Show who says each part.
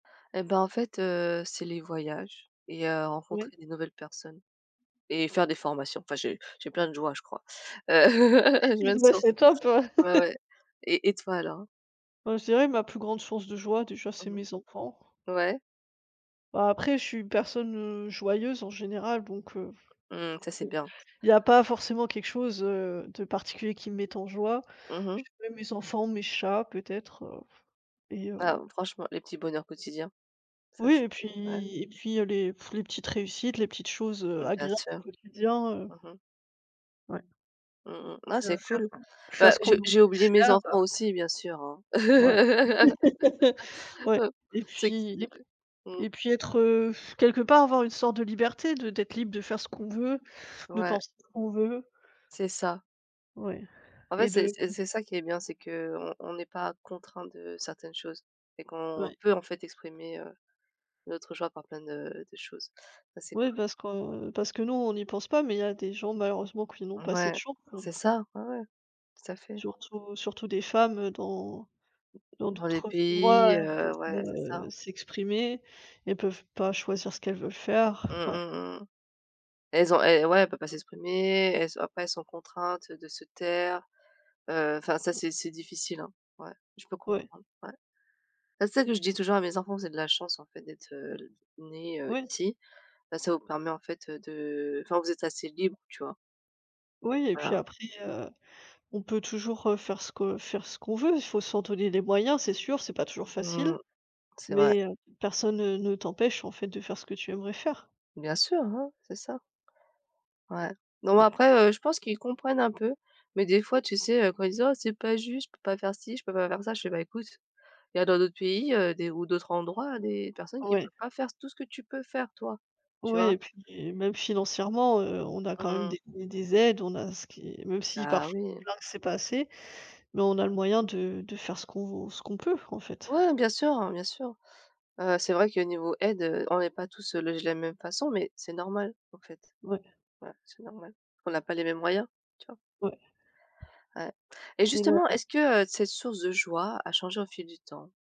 Speaker 1: Et bah, en fait, heu, c'est les voyages et heu,
Speaker 2: Ouais.
Speaker 1: rencontrer des nouvelles personnes et faire des formations. Enfin j'ai j'ai plein de joie, je crois. Heu,
Speaker 2: Ouais et ben
Speaker 1: [unintelligible]
Speaker 2: c'est top, hein!
Speaker 1: ouais, ouais, et et toi alors?
Speaker 2: Heu, je dirais ma plus grande source de joie, déjà, c'est
Speaker 1: Mmh mh.
Speaker 2: mes enfants.
Speaker 1: Ouais.
Speaker 2: Bah, après je suis une personne, heu, joyeuse en général, donc, heu,
Speaker 1: Mmh ça c'est
Speaker 2: c'est
Speaker 1: bien.
Speaker 2: il y a pas forcément quelque chose, heu, de particulier qui me mette en joie.
Speaker 1: Mmh mh.
Speaker 2: Je dirais mes enfants, mes chats peut-être, heu, et heu
Speaker 1: Waouh, franchement, les petits bonheurs quotidiens, ça
Speaker 2: Oui
Speaker 1: c'est
Speaker 2: et
Speaker 1: ouais.
Speaker 2: puis et puis heu, les, pff, les petites réussites, les petites choses, heu,
Speaker 1: Mmh bien
Speaker 2: agréables
Speaker 1: sûr.
Speaker 2: du quotidien, heu
Speaker 1: Mmh mh.
Speaker 2: Ouais.
Speaker 1: Mmh, mmh. Non
Speaker 2: Heu
Speaker 1: c'est
Speaker 2: faire
Speaker 1: cool.
Speaker 2: faire
Speaker 1: Bah
Speaker 2: ce qu'on
Speaker 1: je
Speaker 2: nous dit
Speaker 1: j'ai
Speaker 2: de
Speaker 1: oublié mes
Speaker 2: faire.
Speaker 1: enfants aussi, bien sûr, hein.
Speaker 2: Ouais. Ouais
Speaker 1: Heu,
Speaker 2: et
Speaker 1: c'est q s
Speaker 2: puis,
Speaker 1: heu
Speaker 2: lib
Speaker 1: heu. Mmh.
Speaker 2: et puis être, heu, quelque part avoir une sorte de liberté, de d'être libre de faire ce qu'on veut, de
Speaker 1: Ouais.
Speaker 2: penser ce qu'on veut.
Speaker 1: C'est ça.
Speaker 2: Ouais,
Speaker 1: En fait
Speaker 2: et
Speaker 1: c'est
Speaker 2: de
Speaker 1: c'est
Speaker 2: mmh.
Speaker 1: c'est ça qui est bien, c'est qu'on on n'est pas contraints de certaines choses et qu'on
Speaker 2: Ouais.
Speaker 1: peut en fait exprimer, heu, notre joie par plein de de choses. Ça c'est
Speaker 2: Ouais
Speaker 1: cool.
Speaker 2: parce que parce que nous on n'y pense pas, mais il y a des gens malheureusement qui n'ont
Speaker 1: Mmh,
Speaker 2: pas cette
Speaker 1: ouais,
Speaker 2: chance, hein.
Speaker 1: c'est ça, ouais, ouais. Tout à fait.
Speaker 2: Surtout surtout des femmes, heu, dans dans
Speaker 1: Dans les
Speaker 2: d'autres endroits,
Speaker 1: pays
Speaker 2: elles peuvent
Speaker 1: heu
Speaker 2: pas,
Speaker 1: ouais c'est ça.
Speaker 2: heu, s'exprimer, elles peuvent pas choisir ce qu'elles veulent faire.
Speaker 1: Mmh,
Speaker 2: Ouais.
Speaker 1: mmh, mmh mh. Elles ont et ouais, elles peuvent pas s'exprimer, elles ont après elles sont contraintes, de se taire. Heu, enfin ça
Speaker 2: Mmh.
Speaker 1: c'est c'est difficile, hein. Ouais, je peux
Speaker 2: Ouais.
Speaker 1: comprendre ouais. Bah, c'est ça que je dis toujours à mes enfants: «Vous avez de la chance en fait d'être, heu, nés, heu,
Speaker 2: Oui.
Speaker 1: ici. Bah, ça vous permet en fait, heu, de enfin vous êtes assez libres». Tu vois?
Speaker 2: Oui et puis
Speaker 1: Voilà.
Speaker 2: après, heu, on peut toujours, heu, faire ce que faire ce qu'on veut. Faut s'en donner les moyens, c'est sûr, c'est pas toujours
Speaker 1: Mmh
Speaker 2: facile.
Speaker 1: mh. C'est vrai.
Speaker 2: Mais, heu, personne, heu, ne ne t'empêche, en fait, de faire ce que tu aimerais faire.
Speaker 1: Bien sûr, hein, c'est ça. Ouais. Non mais
Speaker 2: Ouais.
Speaker 1: après, heu, je pense qu'ils comprennent un peu, mais des fois, tu sais, heu, quand ils disent: «Oh c'est pas juste, je peux pas faire ci, je peux pas faire ça». Je fais: «Bah écoute, il y a dans d'autres pays, heu, des ou d'autres endroits, des personnes qui
Speaker 2: Ouais.
Speaker 1: peuvent pas faire tout ce que tu peux faire toi». Tu
Speaker 2: Ouais
Speaker 1: vois?
Speaker 2: et puis et même financièrement, heu, on a
Speaker 1: Mmh
Speaker 2: quand même
Speaker 1: mh.
Speaker 2: des des des aides, on a ce qui même si
Speaker 1: Bah
Speaker 2: parfois [unintelligible]
Speaker 1: oui.
Speaker 2: plaint que c'est pas assez, mais on a le moyen de de faire ce qu'on v ce qu'on peut, en fait.
Speaker 1: Ouais bien sûr, hein, bien sûr. Heu, c'est vrai que niveau aide, heu, on n'est pas tous, heu, logés de la même façon mais c'est normal en fait.
Speaker 2: Ouais.
Speaker 1: Voilà, c'est normal. On n'a pas les mêmes moyens. Tu vois?
Speaker 2: Ouais.
Speaker 1: Ouais et
Speaker 2: Il
Speaker 1: justement,
Speaker 2: a
Speaker 1: est-ce que, heu, cette source de joie a changé au fil du temps?